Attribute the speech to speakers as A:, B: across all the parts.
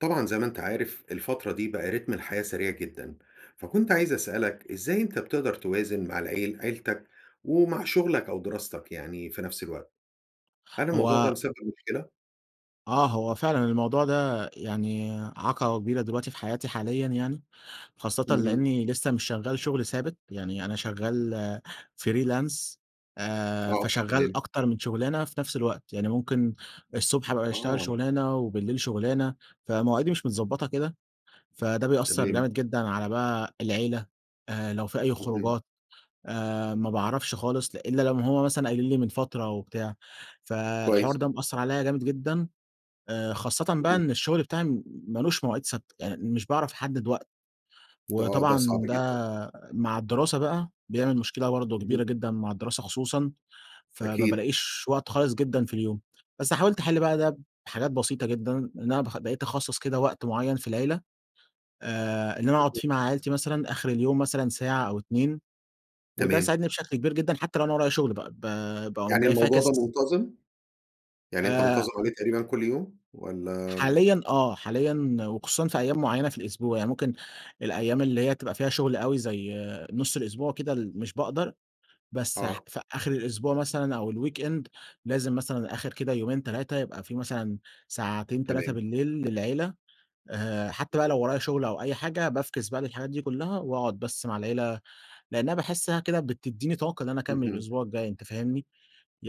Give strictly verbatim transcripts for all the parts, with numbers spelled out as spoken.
A: طبعًا زي ما أنت عارف الفترة دي بقى رتم الحياة سريع جدًا، فكنت عايز أسألك إزاي أنت بتقدر توازن مع العيل عيلتك ومع شغلك، أو دراستك يعني في نفس الوقت؟ هل الموضوع ده
B: هو
A: مسبِّب مشكلة؟
B: آه، هو فعلًا الموضوع ده يعني عقبة كبيرة دلوقتي في حياتي حاليًا يعني، خاصةً
A: اهم.
B: لأني لسه مش شغال شغل ثابت، يعني أنا شغال فريلانس آآ،
A: آه،
B: فشغال
A: تمام.
B: أكتر من شغلانة في نفس الوقت، يعني ممكن الصبح أبقى أشتغل
A: آه.
B: شغلانة، وبالليل شغلانة، فمواعيدي مش متضبطة كده، فده بيأثّر
A: تمام.
B: جامد جدًا على بقى العيلة، آآ لو في أي
A: اهم.
B: خروجات آآ، ما باعرفش خالص إلا لو هم مثلًا قايلين لي من فترة و بتاع، فالحوار
A: كويس.
B: ده مأثّر عليَّ جامد جدًا، آآ، خاصةً بقى
A: اهم.
B: إن الشغل بتاعي م مالوش مواعيد ثابتة، يعني مش باعرف احدّد وقت،
A: ده آه، ده
B: وطبعًا
A: صعب جدًا.
B: ده مع الدراسة بقى بيعمل مشكلة برضه
A: اهم.
B: كبيرة جدًا مع الدراسة خصوصًا، فما
A: أكيد.
B: بالاقيش وقت خالص جدًا في اليوم، بس حاولت أحل بقى ده بحاجات بسيطة جدًا، إن أنا باخ بقيت اخصّص كده وقت معيّن في العيلة، آآ، إن أنا أقعد فيه
A: [unintelligible]
B: مع عيلتي مثلًا آخر اليوم مثلًا ساعة أو اتنين، وده
A: تمام.
B: ساعدني بشكل كبير جدًا، حتى لو أنا ورايا شغل بقى، ب باقوم
A: يعني
B: جاي
A: الموضوع ده
B: فاكس
A: منتظم؟ يعني أنت
B: آآ
A: منتظم عليه تقريبًا كل يوم والَّا
B: حاليًا آه، حاليًا وخصوصًا في أيام معيّنة في الأسبوع، يعني ممكن الأيام اللي هي بتبقى فيها شغل أوي زي نُصّ الأسبوع كده، ال مش باقدر بس ح
A: آه.
B: في آخر الأسبوع مثلًا أو الweekend لازم مثلًا آخر كده يومين تلاتة يبقى في مثلًا ساعتين تلاتة
A: تمام.
B: بالليل للعيلة آآ، حتى بقى
A: اهم.
B: لو ورايا شغل أو أي حاجة بافكِس بقى للحاجات دي كلّها، وأقعد بس مع العيلة لأنها باحسها كده بتدّيني طاقة اللي أنا أكمّل
A: اهم.
B: الأسبوع الجاي أنت فاهمني؟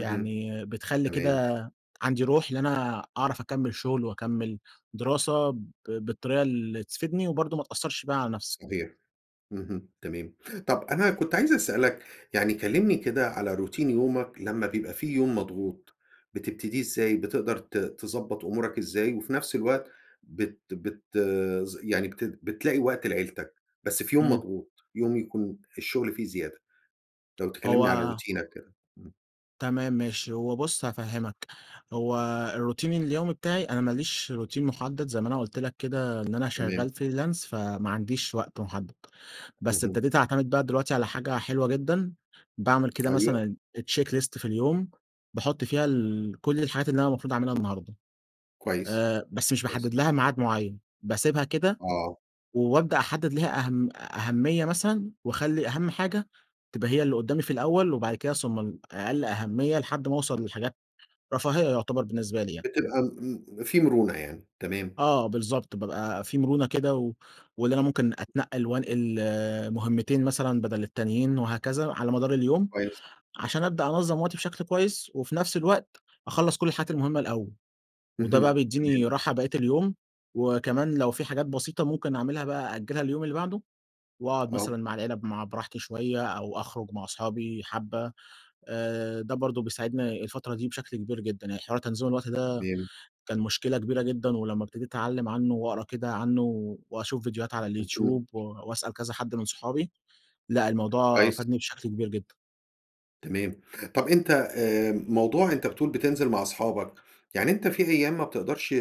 A: اهم،
B: بتخلي
A: تمام.
B: كده عندي روح اللي أنا أعرف أكمّل شغل وأكمّل دراسة ب بالطريقة اللي تفيدني، وبرضه ما تأثّرش بقى على نفسي.
A: صحيح، اهم تمام، طَب أنا كنت عايز أسألك يعني كلّمني كده على روتين يومك، لمّا بيبقى في يوم مضغوط، بتبتديه إزاي بتقدر ت تضبّط أمورك إزاي، وفي نفس الوقت بت بتض يعني بت بتلاقي وقت لعيلتك، بس في يوم
B: إمم.
A: مضغوط يوم يكون الشغل فيه زيادة، لو تكلمني عن
B: هو
A: روتينك كده، امم.
B: تمام ماشي، هو بُصّ هافهمّك، هو الروتين اليومي بتاعي أنا ما ليش روتين محدّد زي ما أنا قُلت لك كده إن أنا
A: تمام.
B: شغال فريلانس فما عنديش وقت محدّد بس
A: اهم.
B: ابتديت أعتمد بقى دلوقتي على حاجة حلوة جدًا باعمل كده
A: أيوه.
B: مثلًا check list في اليوم باحُط فيها ال كل الحاجات اللي أنا المفروض اعملها النهارده،
A: كويس،
B: آآ، بس مش
A: كويس.
B: باحدّد لها ميعاد معيّن، باسيبها كده،
A: آه.
B: وأبدأ أحدّد لها أهم أهمية مثلًا، واخلّي أهم حاجة تبقى هي اللي قُدّامي في الأول، وبعد كده ثم ال أقل أهمية لحد ما اوصل للحاجات رفاهية يُعتبر بالنسبة لي يعني.
A: بتبقى م في مرونة يعني، تمام.
B: آه بالضبط، بابقى في مرونة كده، و واللي أنا ممكن أتنقّل وانقل مهمتين مثلًا بدل التانيين وهكذا، على مدار اليوم،
A: كويس.
B: عشان أبدأ أنظّم وقتي بشكل كويس، وفي نفس الوقت أخلّص كل الحاجات المهمة الأول، وده بقى
A: اهم،
B: بيديني
A: تمام.
B: راحة بقيّة اليوم، وكمان لو في حاجات بسيطة ممكن اعملها بقى أأجلها لليوم اللي بعده، وأقعد
A: آه.
B: مثلًا مع العيلة مع براحتي شوية، أو أخرُج مع أصحابي حبّة آآ، ده برضه بيساعدني الفترة دي بشكل كبير جدًا، يعني حوار تنظيم الوقت ده
A: تمام.
B: كان مشكلة كبيرة جدًا، ولمّا ابتديت أتعلّم عنه وأقرا كده عنه، وأشوف فيديوهات على
A: اهم.
B: اليوتيوب و واسأل كذا حد من صحابي، لأ الموضوع
A: كويس.
B: فادني بشكل كبير جدًا.
A: تمام. طَب، أنت آآ، موضوع أنت بتقول بتنزل مع أصحابك، يعني أنت في أيام ما بتقدرش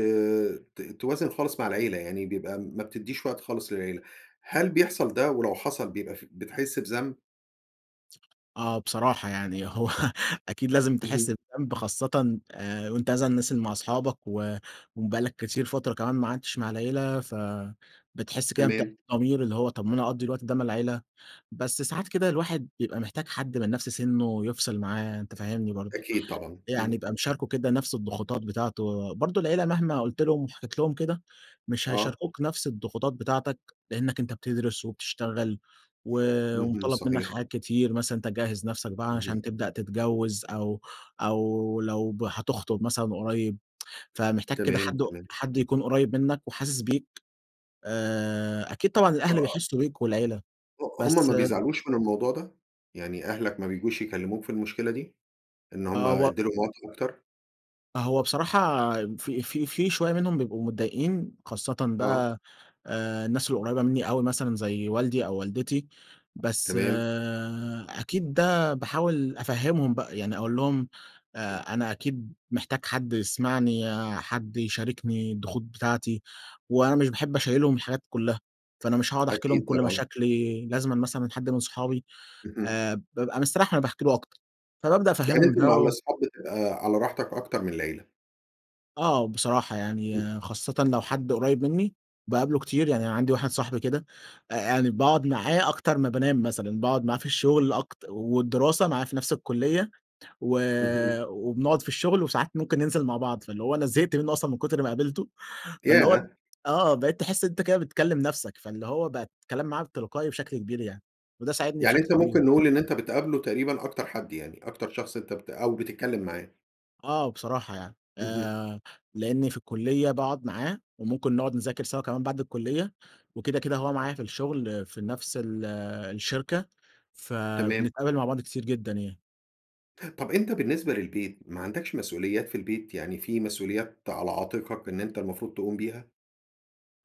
A: ت توازن خالص مع العيلة، يعني بيبقى ما بتديش وقت خالص للعيلة. هل بيحصل ده؟ ولو حصل بيبقى ف بتحس بذنب؟
B: آه، بصراحة يعني هو أكيد لازم تحس
A: اهم.
B: بذنب، خاصةً وأنت مثلًا نازل مع أصحابك و وبقى لك كتير فترة كمان ما قعدتش مع العيلة. فبتحس كده بتأنيب
A: تمام.
B: ضمير، اللي هو طب ما أنا أقضي الوقت ده مع العيلة. بس ساعات كده الواحد بيبقى محتاج حد من نفس سِنُّه يفصل معاه، أنت فاهمني برضه.
A: أكيد طبعا،
B: يعني
A: إمم.
B: يبقى مشاركه كده نفس الضغوطات بتاعته. برضه، العيلة مهما قلت لهم وحكيت لهم كده، مش
A: آه.
B: هيشاركوك نفس الضغوطات بتاعتك، لأنك أنت بتدرس وبتشتغل و
A: اهم،
B: ومُطالَب منك
A: صحيح.
B: حاجات كتير، مثلًا إن أنت تجهّز نفسك بقى
A: اهم.
B: عشان تبدأ تتجوز، أو أو لو هتخطب مثلًا قريب. فمحتاج كده
A: تمام،
B: حد
A: تمام.
B: حد يكون قريب منك وحاسس بيك. آآ، أكيد طبعًا الأهل
A: [unintelligible]
B: بيحسوا بيك والعيلة،
A: ه هُم ما
B: بس
A: بيزعلوش من الموضوع ده؟ يعني أهلك ما بييجوش يكلموك في المشكلة دي؟ إن هُم
B: آه، و
A: ادي لهم وقت أكتر.
B: هو بصراحة، في في في شوية منهم بيبقوا متضايقين، خاصةً
A: آه.
B: بقى آآ الناس القريبة مني أوي، مثلًا زي والدي أو والدتي. بس
A: تمام.
B: أكيد ده باحاول أفهمهم بقى يعني، أقول لهم آآ أنا أكيد محتاج حد يسمعني، حد يشاركني الضغوط بتاعتي، وأنا مش باحب أشيّلهم الحاجات كلها، فأنا مش هاقعد أحكيلهم
A: أكيد
B: كل
A: طبعًا.
B: مشاكلي، لازمًا مثلًا حد من صحابي،
A: اهم.
B: آآ بابقى مستريح وأنا باحكي له أكتر، فبابدأ
A: يعني
B: أفهمهم
A: أنت
B: ده
A: مع
B: و
A: الأصحاب بتبقى على راحتك أكتر من العيلة؟
B: آه، بصراحة
A: امم.
B: يعني، خاصةً لو حد قريب مني باقابله كتير، يعني عندي واحد صاحبي كده، آآ يعني باقعد معاه أكتر ما بانام مثلًا، باقعد معاه في الشغل، أكت والدراسة معاه في نفس الكلية، و
A: اهم.
B: وبنقعد في الشغل، وساعات ممكن ننزل مع بعض، فاللي هو أنا زهقت منه أصلًا من كتر ما قابلته، فاللي هو
A: ياه!
B: آه بقيت تحس إن أنت كده بتكلم نفسك، فاللي هو بقى الكلام معاه تلقائي بشكل كبير يعني، وده ساعدني
A: يعني
B: بشكل
A: أنت
B: كبير.
A: ممكن نقول إن أنت بتقابله تقريبًا أكتر حد، يعني أكتر شخص أنت بت أو بتتكلم معاه؟
B: آه، بصراحة يعني،
A: اهم.
B: آآ لأني في الكلية باقعد معاه، وممكن نقعد نذاكر سوا كمان بعد الكلية، وكده، كده هو معايا في الشغل في نفس ال الشركة،
A: تمام.
B: فبنتقابل مع بعض كتير جدًا يعني.
A: طب أنت بالنسبة للبيت، ما عندكش مسؤوليات في البيت؟ يعني في مسؤوليات على عاتقك، إن أنت المفروض تقوم بيها؟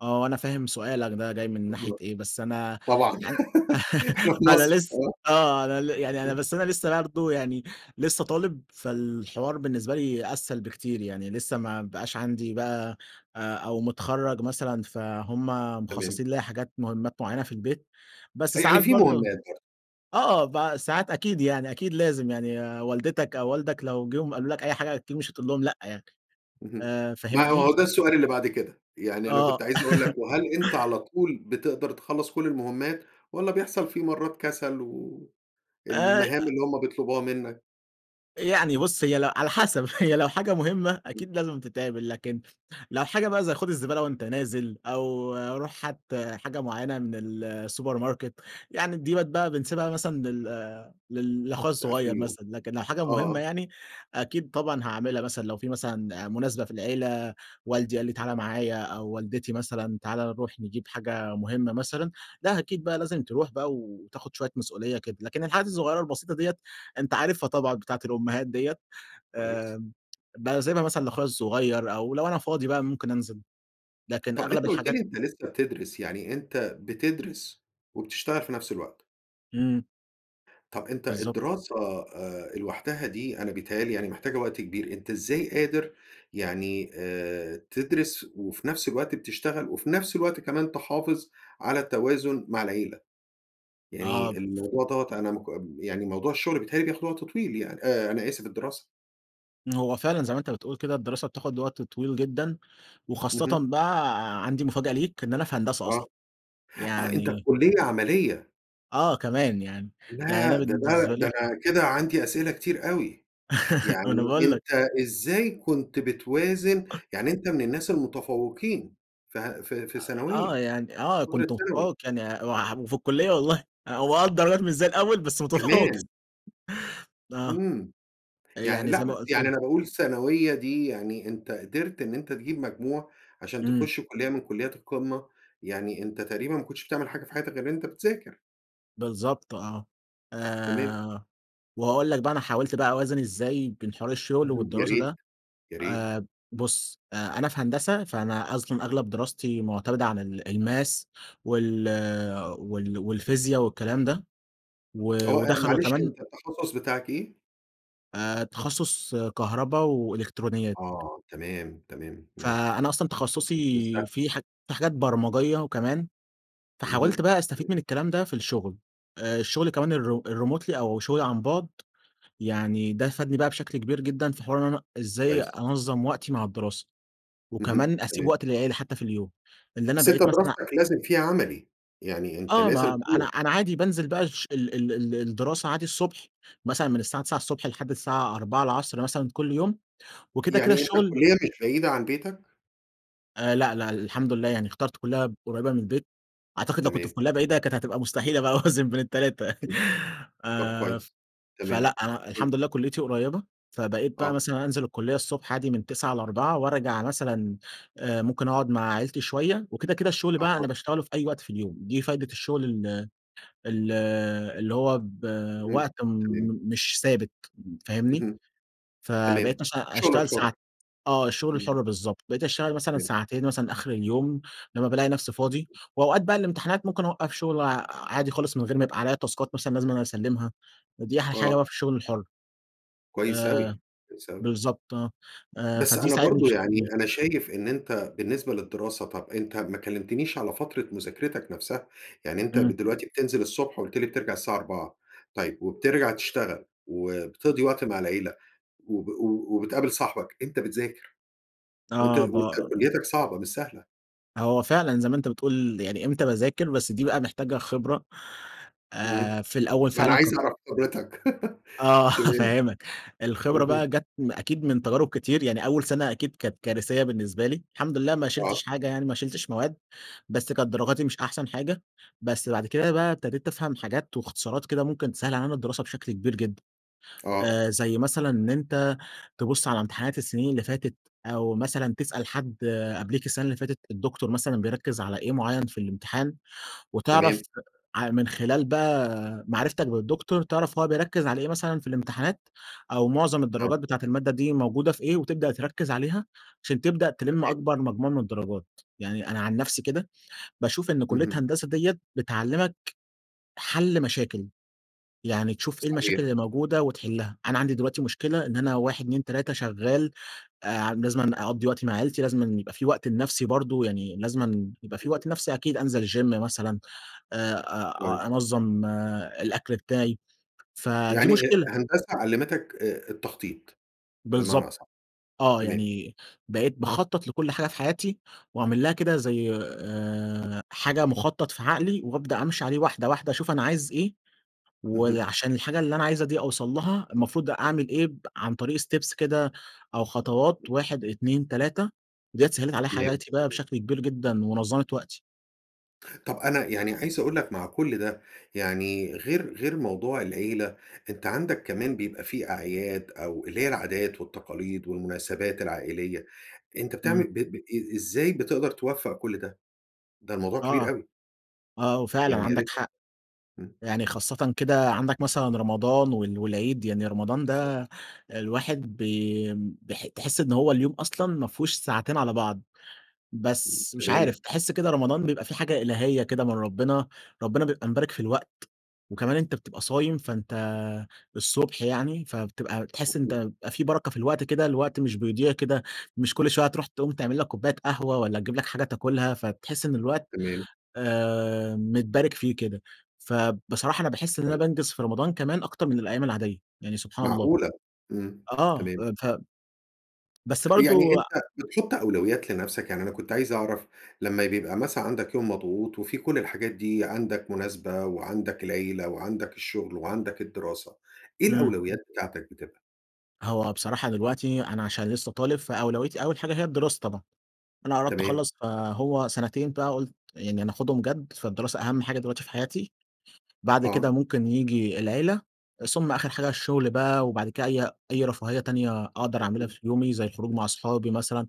B: آه وأنا فاهم سؤالك ده جاي من ناحية
A: [unintelligible]
B: إيه، بس أنا
A: طبعًا،
B: يعني
A: إحنا في
B: أنا
A: مصر،
B: لس
A: آه.
B: آه أنا ل يعني أنا
A: [unintelligible]
B: بس أنا لسّه برضو يعني، لسّه برضو يعني لسّه طالب، فالحوار بالنسبة لي أسهل بكتير يعني، لسّه ما بقاش عندي بقى، آآ أو متخرَّج مثلًا فهُم
A: تمام.
B: مخصّصين ليَّ حاجات مهمّات معيّنة في البيت، بس
A: يعني
B: ساعات
A: في
B: برضو
A: مهمّات برضو.
B: آه ب ساعات أكيد يعني أكيد لازم يعني والدتك أو والدك لو جم قالوا لك أي حاجة أكيد مش هتقول لهم لأ يعني،
A: اهم.
B: آآ
A: ما
B: فاهمني؟
A: هو
B: ف
A: ده السؤال اللي بعد كده، يعني أنا كنت
B: آه.
A: عايز أقول لك، وهل أنت على طول بتقدر تخلّص كلّ المهمات؟ والّا بيحصل في مرّات كسل و
B: آآ،
A: المهام
B: أ
A: اللي همّ بيطلبوها منّك؟
B: يعني بُصّ هي ل على حسب هي لو حاجة مهمّة
A: امم.
B: أكيد لازم تتعمل، لكن لو حاجة بقى زي خد الزبالة وأنت نازل، أو روح هات حاجة معيّنة من السوبر ماركت، يعني ديّة بقِت بقى بنسيبها مثلًا لل لل لأخويا
A: لآخر
B: الصغيّر
A: اليوم.
B: مثلًا، لكن لو حاجة مهمّة
A: آه.
B: يعني، أكيد طبعًا هاعملها مثلًا لو في مثلًا مناسبة في العيلة، والدي قال لي تعالى معايا أو والدتي مثلًا تعالى نروح نجيب حاجة مهمّة مثلًا، لأ أكيد بقى لازم تروح بقى وتاخد شويّة مسؤوليّة كده، لكن الحاجات الصغيّرة البسيطة دِيَّة أنت عارفها طبعًا بتاعة الأمهات دِيَّة،
A: كويس.
B: آمم باسيبها مثلًا لاخويا الصغيّر، أو لو أنا فاضي بقى ممكن أنزل، لكن
A: طب أنت
B: أغلب
A: قُلت
B: الحاجات
A: لي أنت لسّه بتدرس، يعني أنت بتدرس، وبتشتغل في نفْس الوقت؟
B: إمم.
A: طب أنت
B: بالضبط.
A: الدراسة آآ لوحدها دي أنا بيتهيأ لي يعني محتاجة وقت كبير، أنت إزاي قادر يعني آآ تدرس وفي نفس الوقت بتشتغل وفي نفس الوقت كمان تحافظ على التوازن مع العيلة؟
B: آه
A: يعني
B: ف
A: الموضوع دوّة أنا مك م يعني موضوع الشغل بيتهيأ لي بياخد وقت طويل يعني أ أنا أسف الدراسة؟
B: هو فعلًا زي ما أنت بتقول كده الدراسة بتاخد وقت طويل جدًا، وخاصةً
A: اهم.
B: بقى عندي مفاجأة ليك، إن أنا في هندسة
A: آه،
B: أصلًا.
A: آه. أنت في
B: يعني
A: كُلّية عملية.
B: آه كمان يعني. يعني أنا
A: لأ، ده ده
B: بالنسبة
A: ده
B: لي
A: كده عندي أسئلة كتير أوي.
B: ما أنا
A: يعني
B: باقول لك.
A: أنت إزاي كنت بتوازن يعني أنت من الناس المتفوقين ف في
B: أ آه.
A: ثانوية،
B: يعني آه.
A: فترة
B: كنت
A: ثانوي؟
B: متفوّق يعني [unintelligible] وفي الكُلّية والله. أ هو آه الدرجات مش زي الأول بس متفوّق.
A: كمان!
B: آه.
A: إمم.
B: أ
A: يعني
B: يعني
A: لأ
B: زي ما
A: بس
B: قُلت
A: يعني
B: لك.
A: أنا باقول الثانوية دي يعني أنت قدرت إن أنت تجيب مجموعة عشان
B: إمم.
A: تخُش كُلّية من كُلّيات القمة. يعني أنت تقريبًا ما كنتش بتعمل حاجة في حياتك غير إن أنت بتذاكر.
B: بالضبط آه.
A: تمام.
B: آآ وهاقول لك بقى أنا حاولت بقى أوازن إزاي بين حوار الشغل
A: اهم يا
B: والدراسة
A: ريت.
B: ده.
A: يا ريت.
B: آآ بُص، أ أنا في هندسة، فأنا أصلًا أغلب دراستي مُعتمدة عن ال الmaths وال وال والفيزيا والكلام ده. و
A: آه. أ
B: ودخّلوا
A: معلش
B: كمان
A: أنت التخصُّص بتاعك إيه؟
B: آآ، تخصُّص كهربا وإلكترونيات.
A: آه، تمام، تمام، إمم.
B: فأنا أصلًا تخصُّصي
A: [unintelligible]
B: فيه ح فيه حاجات برمجية كمان، فحاولت
A: اهم،
B: بقى أستفيد
A: إمم.
B: من الكلام ده، في الشغل، آآ، الشغل كمان الر الremotely أو الشغل عن بُعد، يعني ده فادني بقى بشكل كبير جدًا، في حوار إن أنا إزاي
A: كويس.
B: أنظَّم وقتي مع الدراسة،
A: اهم،
B: وكمان أسيب
A: تمام.
B: وقت للعيلة حتى في اليوم، إن أنا
A: بس أنت
B: بقيت مثلًا
A: دراستك لازم فيها عملي، يعني أنت
B: آه،
A: لازم
B: ما م أنا
A: تروح.
B: أنا عادي بانزل بقى الش ال ال ال الدراسة عادي الصبح، مثلًا من الساعة تِسعة الصبح الصبح لحد الساعة أربعة العصر مثلًا كل يوم، وكده، كده
A: يعني أنت
B: الشغل
A: الكلية مش بعيدة عن بيتك؟
B: آآ، لأ، لأ الحمد لله، يعني اخترت كلّية قريّبة من البيت، أعتقد لو كنت في
A: تمام.
B: كلّية بعيدة كانت هتبقى مستحيلة بقى أوازن بين التلاتة
A: اهم، طب
B: آآ،
A: كويس، تمام.
B: فلأ أنا الحمد
A: [unintelligible]
B: لله كُلّيتي قريّبة، فبقيت بقى
A: آه.
B: مثلًا أنزل الكلّية الصبح عادي من تِسعة لأربعة وأرجع مثلًا آآ، ممكن أقعد مع عيلتي شوية، وكده، كده الشغل بقى
A: أها.
B: أنا باشتغله في أي وقت في اليوم، دي فايدة الشغل ال ال اللي هو ب
A: اهم،
B: وقت م
A: تمام.
B: مش ثابت فاهمني؟
A: اهم، تمام،
B: فبقيت مثلًا
A: الشغل
B: أشتغل ساع
A: الحُرّ،
B: آه الشغل
A: امم.
B: الحُرّ بالضبط، بقيت أشتغل مثلًا
A: [unintelligible]
B: ساعتين مثلًا آخر اليوم، لمّا بالاقي نفسي فاضي، وأوقات بقى الامتحانات ممكن أوقّف شغل عادي خالص، من غير ما يبقى عليَّ تاسكات مثلًا لازم إن أنا أسلِّمها، ودي أحلى حاجة
A: آه.
B: بقى في الشغل الحُرّ،
A: كويس
B: آآ،
A: أوي، كويس أوي.
B: بالضبط آه،
A: بس
B: فدي
A: أنا
B: ساعدني
A: برضه
B: بشكل
A: يعني
B: كبير
A: أنا شايف إن أنت بالنسبة للدراسة، طَب أنت ما كلّمتنيش على فترة مذاكرتك نَفسَها، يعني أنت ب
B: إمم.
A: دلوقتي بتنزل الصبح وقُلت لي بترجع الساعة أربعة، طيب وبترجع تشتغل وبتقضي وقت مع العيلة وب وبتقابل صاحبك، أنت بتذاكر، وأنت
B: آه ب
A: وأنت كلّيتك صعبة مش سهلة.
B: هو فعلًا زي ما أنت بتقول، يعني إمتى باذاكر بس دي بقى محتاجة خبرة،
A: امم،
B: آآ، في الأول
A: ما أنا
B: فعلًا ك
A: عايز أعرف حضرتك.
B: آه،
A: تمام.
B: هافهمك، الخبرة
A: اهم.
B: بقى جت أكيد من تجارب كتير، يعني أول سنة أكيد كانت كارثية بالنسبة لي، الحمد لله ما
A: آه.
B: شلتش حاجة، يعني ما شلتش مواد، بس كانت درجاتي مش أحسن حاجة. بس بعد كده بقى ابتديت أفهم حاجات واختصارات كده ممكن تسهل علينا الدراسة بشكل كبير جدًا،
A: آه.
B: آآ، زي مثلًا إن أنت تبُص على امتحانات السنين اللي فاتت، أو مثلًا تسأل حد قبليك السنة اللي فاتت الدكتور مثلًا بيركز على إيه معين في الامتحان؟ وتعرف
A: تمام.
B: ع من خلال بقى معرفتك بالدكتور، تعرف هو بيركز على إيه مثلًا في الامتحانات أو معظم
A: آه.
B: الدرجات بتاعة المادة دي موجودة في إيه، وتبدأ تركز عليها، عشان تبدأ تلم
A: تمام.
B: أكبر مجموع من الدرجات. يعني أنا عن نفسي كده باشوف إن كلية
A: اهم.
B: هندسة ديّة بتعلمك حل مشاكل، يعني تشوف إيه
A: صحيح.
B: المشاكل اللي موجودة وتحلها. أنا عندي دلوقتي مشكلة إن أنا واحد، اتنين، تلاتة شغال، آآ، لازمًا أقضي وقت مع عيلتي، لازمًا يبقى في وقت لنفسي برضه، يعني لازمًا يبقى في وقت لنفسي أكيد، أنزل الgym مثلًا، آآ، آآ،
A: كويس.
B: أنظم الأكل بتاعي، فدي
A: يعني أ
B: مشكلة.
A: هندسة علمتك آآ، التخطيط، بمعنى
B: بالضبط.
A: أصح.
B: آه،
A: تمام.
B: يعني بقيت باخطط لكل حاجة في حياتي، واعمل لها كده زي آآ، حاجة مخطط في عقلي وأبدأ أمشي عليه واحدة واحدة، أشوف أنا عايز إيه،
A: اهم.
B: وعشان الحاجة اللي أنا عايزها دي أوصل لها، المفروض أعمل إيه ب عن طريق steps كده أو خطوات، واحد، اتنين، تلاتة ديّة سهلت عليّا
A: تمام،
B: حياتي بقى
A: تمام.
B: بشكل كبير جدًا ونظمت وقتي.
A: طب، أنا يعني عايز أقول لك مع كل ده، يعني غير غير موضوع العيلة، أنت عندك كمان بيبقى في أعياد أو اللي هي العادات والتقاليد والمناسبات العائلية أنت بتعمل
B: امم.
A: ب ب إ إزاي بتقدر توفق كل ده؟ ده الموضوع كبير
B: آه.
A: أوي.
B: آه، وفعلًا
A: يعني يا
B: عندك
A: ريت [unintelligible]
B: حق.
A: امم.
B: يعني خاصةً كده عندك مثلًا رمضان و والعيد. يعني رمضان
A: بالضبط.
B: ده الواحد بي بح تحس إن هو اليوم أصلًا ما فيهوش ساعتين على بعض.
A: امم،
B: بس مش عارف،
A: تمام.
B: تحس كده رمضان بيبقى في حاجة إلهية كده من ربنا. ربنا بيبقى مبارك في الوقت، وكمان أنت بتبقى صايم، فأنت الصبح يعني فبتبقى بتحس إن أنت
A: اهم.
B: بيبقى في بركة في الوقت كده. الوقت مش بيضيع كده، مش كل شوية هتروح تقوم تعمل لك كوباية قهوة، والَّا تجيب لك حاجة تاكلها، فبتحس إن الوقت
A: تمام.
B: آآ، متبارك فيه كده. فبصراحة أنا باحس إن أنا
A: أيوه.
B: بانجز في رمضان كمان أكتر من الأيام العادية، يعني سبحان الله.
A: معقولة؟ امم،
B: آه،
A: تمام.
B: ف بس
A: يعني
B: برضه
A: أنت بتحط أولويات لنفسك. يعني أنا كنت عايز أعرف لمّا بيبقى مثلًا عندك يوم مضغوط وفي كل الحاجات دي، عندك مناسبة، وعندك العيلة وعندك الشغل وعندك الدراسة، إيه
B: امم.
A: الأولويات بتاعتك بتبقى؟
B: هو بصراحة دلوقتي أنا علشان لسه طالب فأولويتي أول حاجة هي الدراسة طبعًا. أنا قربت
A: تمام.
B: أخلص، فهو سنتين بقى قلت يعني أنا أخدهم جد، فالدراسة أهم حاجة دلوقتي في حياتي. بعد
A: آه.
B: كده ممكن ييجي العيلة، ثم آخر حاجة الشغل بقى، وبعد كده أي أي رفاهية تانية أقدر أعملها
A: اهم.
B: في يومي زي الخروج مع أصحابي مثلًا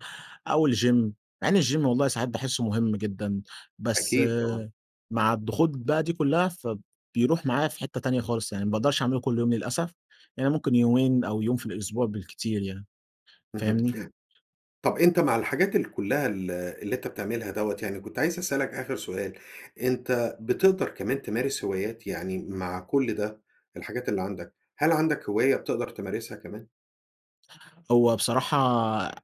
B: أو الgym مع إن الgym والله ساعات باحسه مهم جدًا، بس
A: أكيد طبعًا.
B: مع الضغوط بقى دي كلها فب بيروح معايا في حتة تانية خالص يعني، ما باقدرش اعمله كل يوم للأسف، يعني ممكن يومين أو يوم في الأسبوع بالكتير يعني.
A: اهم.
B: فاهمني؟
A: طب أنت مع الحاجات ال كلها ال اللي أنت بتعملها دوّة يعني كنت عايز أسألك آخر سؤال، أنت بتقدر كمان تمارس هوايات؟ يعني مع كل ده، الحاجات اللي عندك، هل عندك هواية بتقدر تمارسها كمان؟
B: هو بصراحة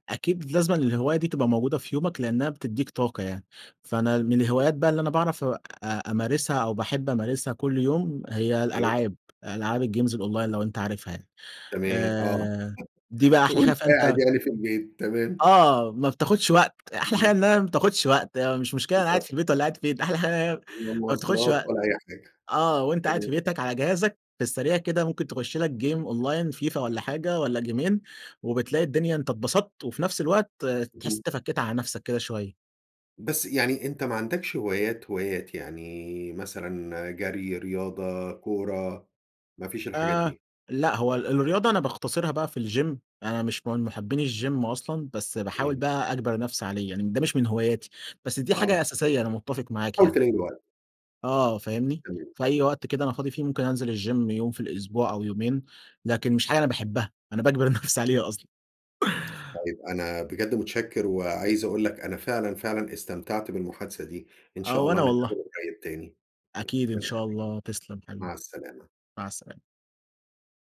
B: أكيد لازمًا الهواية دي تبقى موجودة في يومك لأنها بتديك طاقة يعني. فأنا من الهوايات بقى اللي أنا باعرف أ أمارسها أو باحب أمارسها كل يوم هي
A: أيوه.
B: الألعاب، ألعاب الجيمز الأونلاين لو أنت عارفها يعني؟
A: تمام، آه.
B: آآ، دي بقى أحلى حاجة
A: وأنت قاعد
B: فأنت
A: يعني في البيت. تمام.
B: آه، ما بتاخدش وقت. أحلى حاجة
A: اهم.
B: انها ما بتاخدش وقت مش مشكلة أنا قاعد
A: بالضبط.
B: في البيت والّا قاعد فين أحلى حاجة انها هي
A: لا
B: ما بتاخدش
A: مواصلات
B: وقت.
A: ولا أي حاجة.
B: آه، وأنت قاعد في
A: تمام.
B: بيتك على جهازك في السريع كده ممكن تخش لك جيم أونلاين فيفا والّا حاجة والّا جيمين وبتلاقي الدنيا أنت انبسطت وفي نفس الوقت تحس
A: اهم.
B: أنت فكيت على نفسك كده شوية.
A: بس يعني أنت ما عندكش هوايات هوايات، يعني مثلًا جري، رياضة، كورة. ما فيش الحاجات
B: آآ،
A: دي؟
B: لأ هو ال الرياضة أنا باختصرها بقى في الgym أنا مش من محبين الجيم أصلًا بس باحاول
A: تمام.
B: بقى أجبر نفسي عليه، يعني ده مش من هواياتي. بس دي
A: آه.
B: حاجة أساسية أنا متفق معاك
A: حاول
B: يعني.
A: تلاقي له وقت.
B: آه فاهمني؟
A: تمام.
B: في أي وقت كده أنا فاضي فيه، ممكن أنزل الgym يوم في الأسبوع أو يومين، لكن مش حاجة أنا باحبها، أنا باجبر نفسي عليها أصلًا.
A: طيب أنا بجد متشكر، وعايز أقول لك أنا فعلًا، فعلًا استمتعت بالمحادثة دي. إن
B: آه،
A: شاء الله
B: وأنا والله.
A: نتحاور [unintelligible] تاني.
B: أكيد إن
A: مع السلامة.
B: شاء الله. تسلم
A: مع
B: حبيبي.
A: السلامة.
B: مع السلامة.